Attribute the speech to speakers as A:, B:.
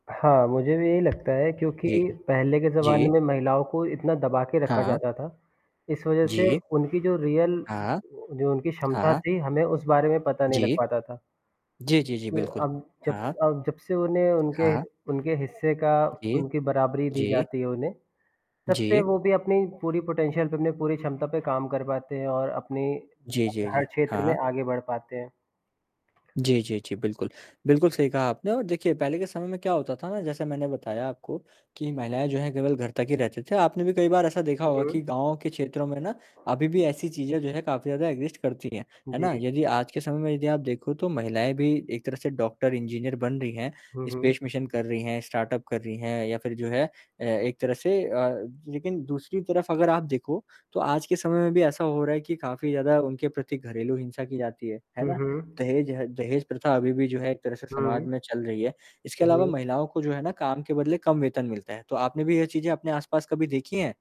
A: हाँ, मुझे भी यही लगता है क्योंकि
B: जी।
A: पहले के ज़माने
B: जी।
A: में महिलाओं को इतना दबा के रखा
B: हाँ।
A: जाता था। इस वजह से
B: जी।
A: उनकी जो रियल
B: हाँ।
A: जो उनकी क्षमता
B: हाँ।
A: थी हमें उस बारे में पता नहीं लग
B: जी।
A: पाता था।
B: जी, जी, जी
A: तो
B: बिल्कुल।
A: अब, जब स
B: हाँ।
A: अब जब से उन्हें उनके ह
B: हाँ।
A: उनके हिस्से का
B: जी।
A: उनकी बराबरी दी
B: जी।
A: जाती है उन्हें। तब से
B: जी।
A: वो भी अपनी पूरी पोटेंशियल पे, अपनी पूरी क्षमता पे काम कर पाते हैं और अपनी
B: जी,
A: अ,
B: जी, जी।
A: हर क्षेत्र में
B: हाँ।
A: आगे बढ़ पाते हैं।
B: जी, जी, जी बिल्कुल। बिल्कुल सही कहा आपने और देखिए पहले के समय में क्या होता था ना जैसे मैंने बताया आपको कि महिलाएँ जो हैं केवल घर तक ही रहते थे। आपने भी कई बार ऐसा देखा
A: हुँ,
B: होगा
A: हुँ।
B: कि गाँव के क्षेत्रों में ना अभी भी ऐसी चीज़ें जो है काफ़ी ज़्यादा एग्ज़िस्ट करती हैं। है ना?
A: जी।
B: यदि आज के समय में यदि आप देखो तो महिलाएँ भी एक तरह से डॉक्टर, इंजीनियर बन रही हैं,
A: हुँ, हुँ।
B: स्पेस मिशन कर रही हैं, स्टार्टअप कर रही हैं या फिर जो है अ, एक तरह से अ अ, लेकिन दूसरी तरफ़ अगर आप देखो तो आज के समय में भी ऐसा हो रहा है कि काफ़ी ज़्यादा उनके प्रति घरेलू हिंसा की जाती है। है
A: हुँ,
B: ना?
A: हुँ।
B: दहेज़ ह दहेज़ प्रथा अभी भी जो है एक तरह से समाज
A: हुँ।
B: में चल रही है। इसके
A: हुँ,
B: अलावा
A: हुँ।
B: महिलाओं को जो है ना, काम के बदले कम वेतन मिलता है। तो आपने भी यह चीज़ें अपने आस-पास कभी देखी हैं?